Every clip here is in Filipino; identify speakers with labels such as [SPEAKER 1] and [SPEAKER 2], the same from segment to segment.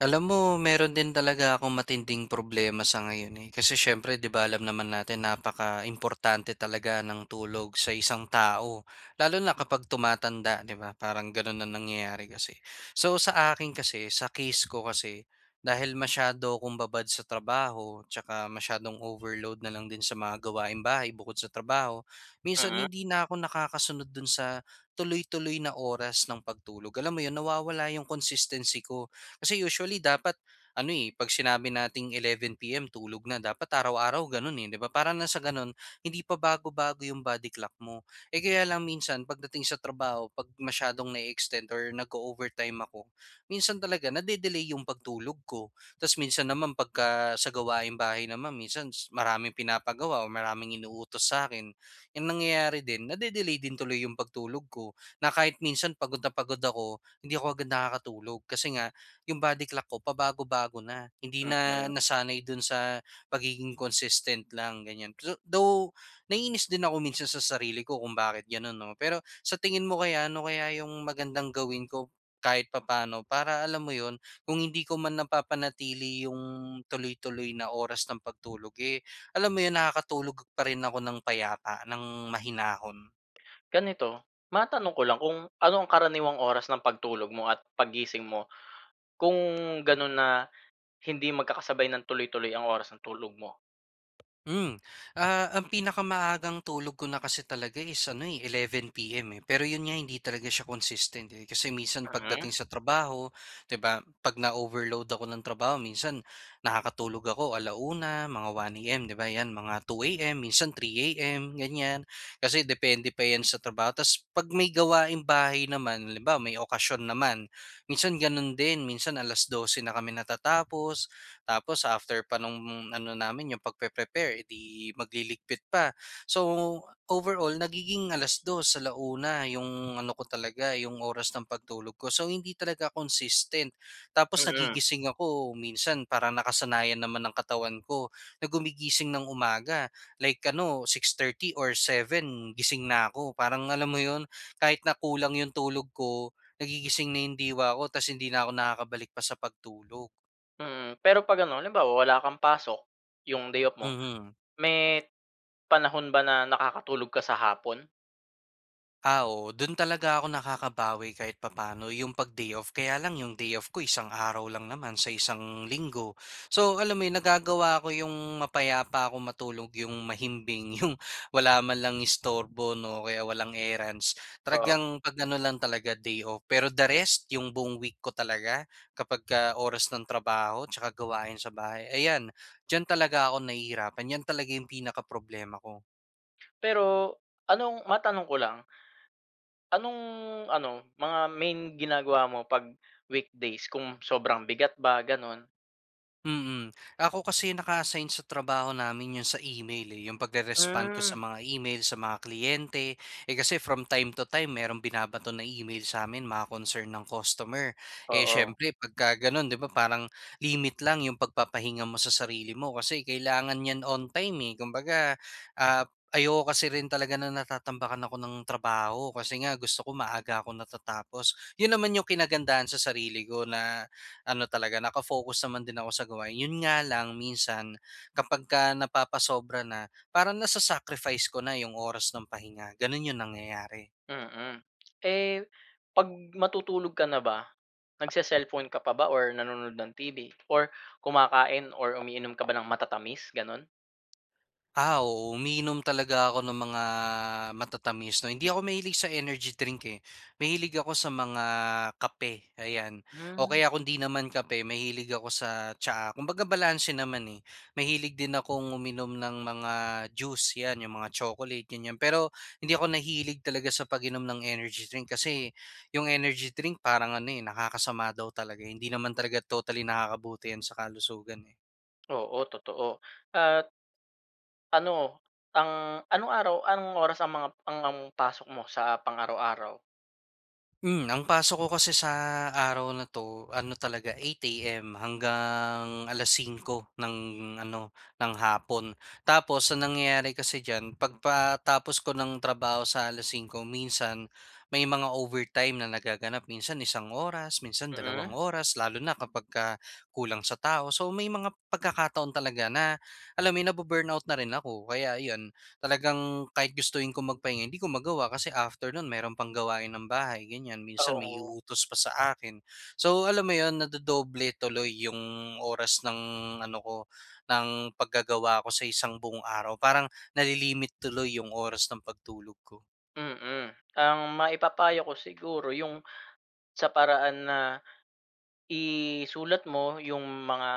[SPEAKER 1] Alam mo, meron din talaga akong matinding problema sa ngayon, eh. Kasi siyempre, 'di ba, alam naman natin napakaimportante talaga ng tulog sa isang tao lalo na kapag tumatanda, 'di ba, parang gano'n na nangyayari kasi. So, sa akin kasi, sa case ko kasi, dahil masyado akong babad sa trabaho, at saka masyadong overload na lang din sa mga gawaing bahay, bukod sa trabaho. Minsan,
[SPEAKER 2] Mm.
[SPEAKER 1] hindi na ako nakakasunod do'n sa, tuloy-tuloy na oras ng pagtulog. Alam mo 'yon, nawawala 'yong consistency ko. Kasi usually, dapat ano, eh,' pag sinabi nating 11 PM tulog na. Dapat araw-araw gano'n eh, 'di ba. Parang nang sa sa gano'n, hindi pa bago-bago 'yong body clock mo. Eh, kaya lang minsan pagdating sa trabaho, 'pag masyadong na-e-extend or nag-o-overtime ako, minsan talaga na-de-delay 'yong pagtulog ko. Tapos minsan naman, pagka sa gawaing bahay naman, minsan maraming pinapagawa o maraming inuutos sa akin. Ang nangyayari din, na-de-delay din tuloy 'yong pagtulog ko, na kahit minsan pagod na pagod ako, hindi ako agad nakakatulog kasi nga 'yong body clock ko, pabago-bago na. Hindi na
[SPEAKER 2] Mm.
[SPEAKER 1] nasanay do'n sa pagiging consistent lang, ganyan. pzz Though, naiinis din ako minsan sa sarili ko kung bakit ganun, 'no. Pero, sa tingin mo kaya, ano kaya yung magandang gawin ko kahit papaano para alam mo yun, kung hindi ko man napapanatili yung tuloy-tuloy na oras ng pagtulog, eh, alam mo yun, nakakatulog pa rin ako ng payapa, ng mahinahon.
[SPEAKER 2] Ganito, matanong ko lang, kung ano ang karaniwang oras ng pagtulog mo at paggising mo. Kung ganun na hindi magkakasabay ng tuloy-tuloy ang oras ng tulog mo?
[SPEAKER 1] Hmm. Ah, ang pinakamaagang tulog ko na kasi talaga is ano, eh, 11 PM, eh. Pero 'yon nga, hindi talaga siya consistent, eh. Kasi minsan, pagdating
[SPEAKER 2] Mm.
[SPEAKER 1] sa trabaho, 'di ba, 'pag na-overload ako ng trabaho, minsan nakakatulog ako ala-una, mga 1 AM, 'di ba, 'yan, mga 2 AM, minsan 3 AM, ganyan. Kasi depende pa 'yan sa trabaho. Tapos 'pag may gawaing bahay naman, halimbawa, may okasyon naman, minsan ganun din. Minsan alas-dose na kami natatapos tapos after pa no'ng ano namin, yung pagpe-prepare, eh,'di magliligpit pa. So, overall, nagiging alas-dos, ala-una yung ano ko talaga, yung oras ng pagtulog ko. So, hindi talaga consistent. Tapos
[SPEAKER 2] Mm.
[SPEAKER 1] nagigising ako minsan, parang nakasanayan naman ng katawan ko na gumigising ng umaga. Like ano, 6:30 or 7 gising na ako. Parang alam mo 'yon, kahit na kulang yung tulog ko, nagigising na yung diwa ko tapos hindi na ako nakakabalik pa sa pagtulog.
[SPEAKER 2] Mm. Pero 'pag ano, halimbawa wala kang pasok, yung day off mo,
[SPEAKER 1] Mhm.
[SPEAKER 2] may panahon ba na nakakatulog ka sa hapon?
[SPEAKER 1] Ah, oo. Do'n talaga ako nakakabawi kahit papaano 'yong 'pag day off. Kaya lang 'yong day-off ko, isang araw lang naman sa isang linggo. So, alam mo yun nagagawa 'ko 'yong mapayapa akong matulog, 'yong mahimbing, 'yong wala man lang istorbo 'no, o kaya walang errands.
[SPEAKER 2] Oo.
[SPEAKER 1] Talagang pag-ano lang talaga, day-off. Pero the rest, 'yong buong week ko talaga, kapagka oras ng trabaho tsaka gawain sa bahay, ayan, diyan talaga ako nahihirapan. 'Yan talaga yung pinakaproblema ko.
[SPEAKER 2] Pero anong matanong ko lang, anong ano, mga main ginagawa mo 'pag weekdays kung sobrang bigat ba ganun?
[SPEAKER 1] Mm. Ako kasi naka-assign sa trabaho namin 'yong sa email, eh. 'Yong pagre-respond ko sa
[SPEAKER 2] Hmm.
[SPEAKER 1] mga email, sa mga kliyente. Eh, kasi from time to time merong binabato na email sa amin, mga concern ng customer. Eh,
[SPEAKER 2] Oo.
[SPEAKER 1] siyempre pagka gano'n 'di ba, parang limit lang 'yong pagpapahinga mo sa sarili mo kasi kailangan niyan on time, eh. Kumbaga, ah, ayoko kasi rin talaga na natatambakan ako ng trabaho kasi nga gusto ko maaga akong natatapos. Yun naman yung kinagandahan sa sarili ko na ano talaga, naka-focus naman din ako sa gawain. Yun nga lang minsan, kapagka napapasobra na, parang nasa-sacrifice ko na yung oras ng pahinga. Ganun yung nangyayari.
[SPEAKER 2] Mm. Eh, 'pag matutulog ka na ba, nag-ce-cellphone ka pa ba or nanonood ng TV or kumakain or umiinom ka ba ng matatamis, ganun?
[SPEAKER 1] Ah, oo uminom talaga ako ng mga matatamis 'no. Hindi ako mahilig sa energy drink, eh. Mahilig ako sa mga kape ayan. O
[SPEAKER 2] Hmm.
[SPEAKER 1] kaya kung 'di naman kape, mahilig ako sa tsaa. Kumbaga balanse naman eh. Mahilig din akong uminom ng mga juice yan, yung mga chocolate ganiyan. Pero, hindi ako nahilig talaga sa pag-inom ng energy drink, kasi yung energy drink parang ano, eh, nakakasama daw talaga eh. Hindi naman talaga totally nakakabuti yan sa kalusugan, eh.
[SPEAKER 2] Oo totoo. At ano, ang, anong araw ang, anong oras ang mga, ang ang pasok mo sa pang-araw-araw?
[SPEAKER 1] Hmm, ang pasok ko kasi sa araw na 'to ano talaga 8 AM hanggang 5:00 ng ano ng hapon. Tapos, ang nangyayari kasi diyan, pagkatapos ko ng trabaho sa 5:00 minsan may mga overtime na nagaganap, minsan 1 oras, minsan 2
[SPEAKER 2] Mhm.
[SPEAKER 1] oras, lalo na kapag ka kulang sa tao. So, may mga pagkakataon talaga na alam mo yun nabu-burnout na rin ako. Kaya iyon, talagang kahit gustuhin ko magpahinga hindi ko magawa kasi after nun mayroon pang gawain ng bahay ganyan. Minsan, may
[SPEAKER 2] Oo.
[SPEAKER 1] iuutos pa sa akin. So, alam mo yun nadodoble tuloy yung oras ng ano ko ng paggagawa ko sa isang buong araw. Parang nali-limit tuloy yung oras ng pagtulog ko.
[SPEAKER 2] Mm, ang maipapayo ko siguro yung sa paraan na, isulat mo yung mga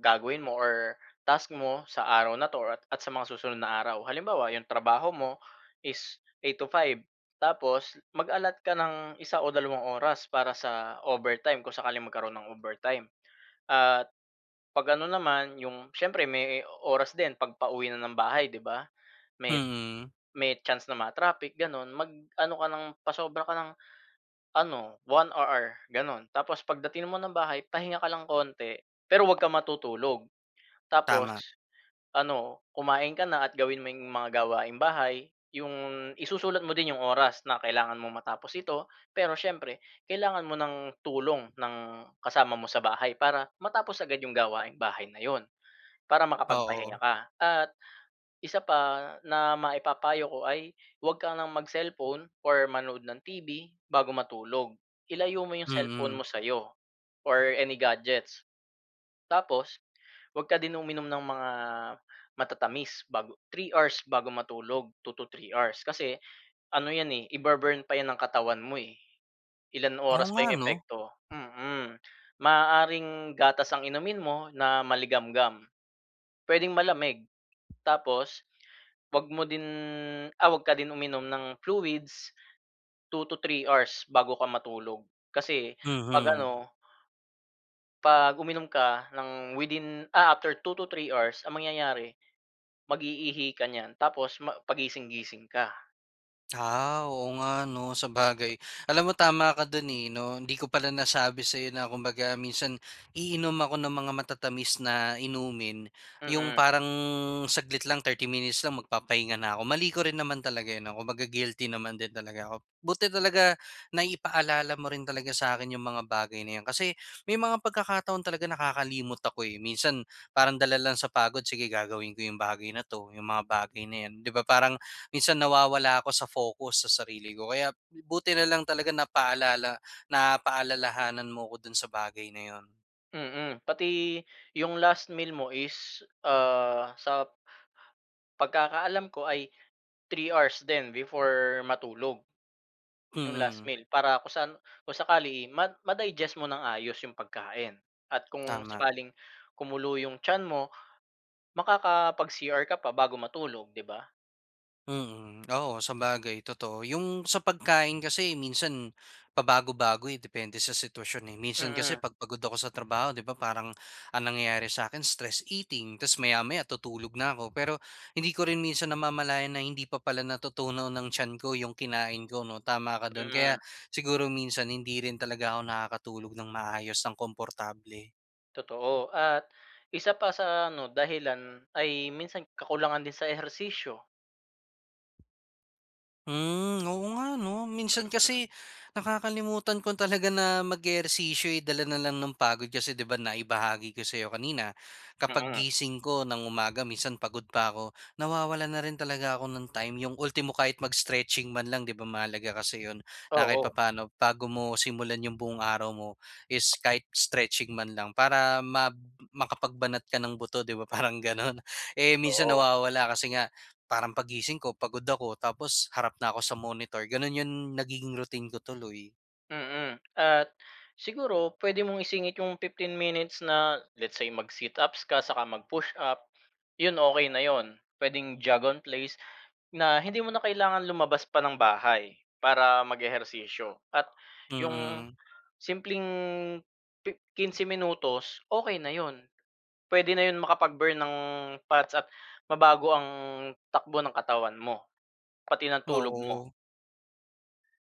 [SPEAKER 2] gagawin mo or task mo sa araw na 'to or at sa mga susunod na araw. Halimbawa, yung trabaho mo is 8 to 5. Tapos, mag-allot ka ng isa o dalawang oras para sa overtime kung sakaling magkaroon ng overtime. At, 'pag ano naman yung siyempre may oras din 'pag pauwi na ng bahay, 'di ba? May,
[SPEAKER 1] Mm.
[SPEAKER 2] may chance na ma-traffic ganun. Mag-ano ka ng, pasobra ka ng ano 1 hour ganun. Tapos pagdating mo ng bahay pahinga ka lang konti, pero huwag kang matutulog. Tapos
[SPEAKER 1] Tama.
[SPEAKER 2] ano kumain ka na at gawin mo yung mga gawaing bahay. Yung isusulat mo din yung oras na kailangan mong matapos ito. Pero, siyempre kailangan mo ng tulong ng kasama mo sa bahay. Para matapos agad yung gawaing bahay na yun. Para
[SPEAKER 1] Oo.
[SPEAKER 2] makapagpahinga ka. At, isa pa na maipapayo ko ay wag ka ng mag-cellphone or manood ng TV bago matulog. Ilayo mo yung cellphone mo
[SPEAKER 1] Mhm.
[SPEAKER 2] sayo or any gadgets. Tapos, 'wag ka din uminom ng mga matatamis bago, 3 hours bago matulog, 2 to 3 hours, kasi ano yan eh, i-bu-burn pa yan ang katawan mo eh. Ilang
[SPEAKER 1] Oo
[SPEAKER 2] oras pa
[SPEAKER 1] nga
[SPEAKER 2] yung
[SPEAKER 1] 'no?
[SPEAKER 2] epekto. Mhm. Maaaring gatas ang inumin mo na maligamgam, puwedeng malamig. Tapos, 'wag mo din, ah 'wag ka din uminom ng fluids 2 to 3 hours bago ka matulog. Kasi, 'pag
[SPEAKER 1] Mhm.
[SPEAKER 2] ano pag uminom ka ng within, ah, after 2 to 3 hours ang mangyayari mag-iihi ka niyan. Tapos pagising-gising ka.
[SPEAKER 1] Ah, oo nga 'no, sabagay. Alam mo tama ka do'n, eh, 'no. Hindi ko pala nasabi sa'yo na kumbaga minsan, iinom ako ng mga matatamis na inumin 'yong
[SPEAKER 2] Mm.
[SPEAKER 1] parang saglit lang 30 minutes lang magpapahinga na ako. Mali ko rin naman talaga 'yon, 'no, kumbaga guilty naman din talaga ako. Buti talaga na-ipaalala mo rin talaga sa'kin yung mga bagay na yan, kasi may mga pagkakataon talaga nakakalimot ako, eh. Minsan, parang dala lang sa pagod, sige gagawin ko yung bagay na 'to, yung mga bagay na yan, 'di ba, parang minsan nawawala ako sa focus, sa sarili ko. Kaya, buti nalang talaga napaalala napaalalahanan mo ako dun sa bagay na yun.
[SPEAKER 2] Mm, pati yung last meal mo is, ah, sa pagkakaalam ko ay 3 hours din before matulog 'yong last
[SPEAKER 1] Mm.
[SPEAKER 2] meal. Para kung saan, kung sakali ma madigest mo ng ayos 'yong pagkain at kung
[SPEAKER 1] Tama.
[SPEAKER 2] sakaling kumulo 'yong tiyan mo, makakapag-CR ka pa bago matulog, 'di ba?
[SPEAKER 1] Mhm, oo, sabagay, totoo. 'Yong sa pagkain kasi minsan, pabago-bago, eh, depende sa sitwasyon, eh. Minsan kasi, eh,
[SPEAKER 2] Mm.
[SPEAKER 1] 'pag pagod ako sa trabaho 'di ba parang ang nangyayari sa akin stress eating, tas maya-maya tutulog na ako. Pero, hindi ko rin minsan namamalayan na hindi pa pala natutunaw ng tiyan ko 'yong kinain ko, 'no, tama ka do'n
[SPEAKER 2] Mm.
[SPEAKER 1] kaya siguro minsan hindi rin talaga ako nakakatulog ng maayos, ng komportable.
[SPEAKER 2] Totoo at isa pa sa ano, dahilan ay minsan kakulangan din sa ehersisyo.
[SPEAKER 1] Hmm, oo nga 'no. Minsan
[SPEAKER 2] Mm.
[SPEAKER 1] kasi nakakalimutan ko talaga na mag-ehersisyo eh, dala na lang ng pagod kasi 'di ba naibahagi ko sayo kanina, kapag
[SPEAKER 2] Mm.
[SPEAKER 1] gising ko ng umaga minsan pagod pa ako, nawawalan na rin talaga ako ng time. 'Yung ultimo kahit mag-stretching man lang 'di ba mahalaga kasi 'yon, na kahit
[SPEAKER 2] Oo.
[SPEAKER 1] papaano bago mo simulan 'yong buong araw mo is kahit stretching man lang para ma makapagbanat ka ng buto 'di ba, parang gano'n. Eh, minsan
[SPEAKER 2] Oo.
[SPEAKER 1] nawawala kasi nga parang paggising ko pagod ako tapos harap na ako sa monitor gano'n 'yon nagiging routine ko tuloy.
[SPEAKER 2] Mm. At siguro puwede mong isingit 'yong 15 minutes na, let's say mag-sit-ups ka saka mag-push-up, 'yun okey na 'yun. Puwedeng jog on place, na hindi mo na kailangan lumabas pa ng bahay para mag-ehersisyo. At 'yong
[SPEAKER 1] Mm.
[SPEAKER 2] simpleng pi 15 minutos, okey na 'yon puwede na 'yon makapag-burn ng fats at mabago ang takbo ng katawan mo pati ng tulog mo.
[SPEAKER 1] Oo.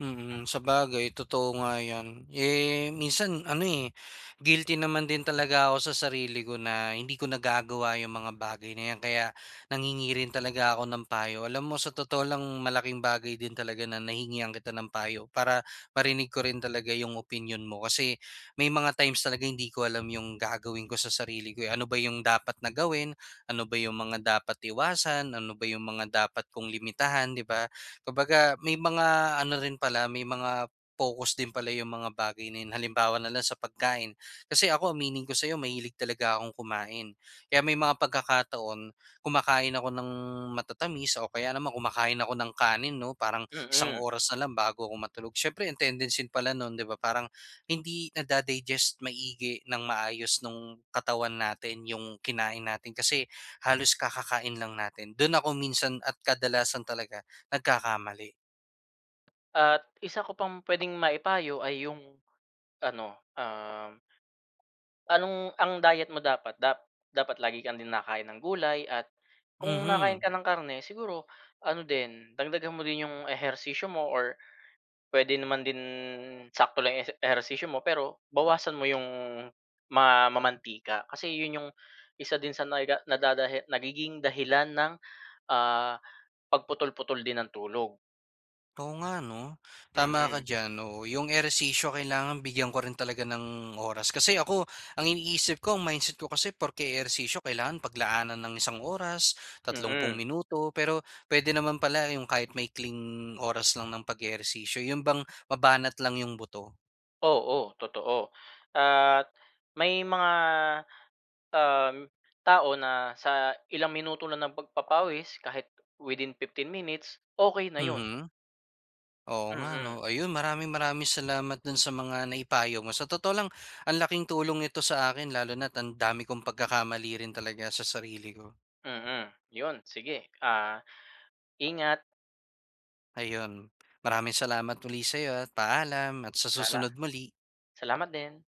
[SPEAKER 1] Mm,
[SPEAKER 2] Mm.
[SPEAKER 1] sabagay totoo nga 'yan. Eh, minsan ano, eh, guilty naman din talaga ako sa sarili ko na hindi ko nagagawa yung mga bagay na 'yan. Kaya nanghingi rin talaga ako ng payo. Alam mo, sa totoo lang, malaking bagay din talaga na nahingian kita ng payo para marinig ko rin talaga yung opinyon mo. Kasi may mga times talaga hindi ko alam yung gagawin ko sa sarili ko, eh. Ano ba yung dapat na gawin? Ano ba yung mga dapat iwasan? Ano ba yung mga dapat kong limitahan, 'di ba? Kumbaga may mga ano rin pala, may mga pokus din pala 'yong mga bagay na 'yon. Halimbawa na lang sa pagkain. Kasi ako, aminin ko sa'yo, mahilig talaga akong kumain. Kaya may mga pagkakataon, kumakain ako ng matatamis o kaya naman kumakain ako ng kanin, 'no, parang isang
[SPEAKER 2] Mm.
[SPEAKER 1] oras na lang bago ako matulog. Siyempre, ang tendency pala no'n, 'di ba, parang hindi nada-digest maigi ng maayos nung katawan natin 'yong kinain natin kasi halos kakakain lang natin. Doon ako minsan at kadalasan talaga nagkakamali.
[SPEAKER 2] At isa ko pang puwedeng maipayo ay yung ano, uhm anong ang diet mo dapat dap dapat lagi kang din nakakain ng gulay at kung nakakain
[SPEAKER 1] Mhm.
[SPEAKER 2] ka ng karne, siguro ano din, dagdagan mo din 'yong ehersisyo mo or puwede naman din sakto lang 'yong ese ehersisyo mo, pero bawasan mo 'yong ma mamantika. Kasi 'yon 'yong isa din sa naga na dadahila nagiging dahilan ng, ah, pagputol-putol din ng tulog.
[SPEAKER 1] Oo nga, 'no? Tama ka
[SPEAKER 2] Mm.
[SPEAKER 1] diyan. Oo, yung ehersisyo kailangan bigyan ko rin talaga ng oras. Kasi ako, ang iniisip ko, ang mindset ko kasi, porke ehersisyo kailangan paglaanan ng isang oras, tatlumpung
[SPEAKER 2] Mm.
[SPEAKER 1] minuto, pero pwede naman pala yung kahit maikling oras lang ng pag-ehersisyo. 'Yon bang mabanat lang yung buto.
[SPEAKER 2] Oo, totoo. At may mga, uhm, tao na sa ilang minuto lang ng pagpapawis kahit within 15 minutes, okey na 'yon.
[SPEAKER 1] Mhm. Oo nga,
[SPEAKER 2] Mm.
[SPEAKER 1] 'no? Ayun, maraming maraming salamat doon sa mga naipayo mo. Sa totoo lang, ang laking tulong nito sa'kin lalo na't ang dami kong pagkakamali rin talaga sa sarili ko.
[SPEAKER 2] Mm, 'yon. Sige, ah, ingat.
[SPEAKER 1] Ayun, maraming salamat uli sa'yo at paalam at sa
[SPEAKER 2] Sala
[SPEAKER 1] susunod muli.
[SPEAKER 2] salamat din.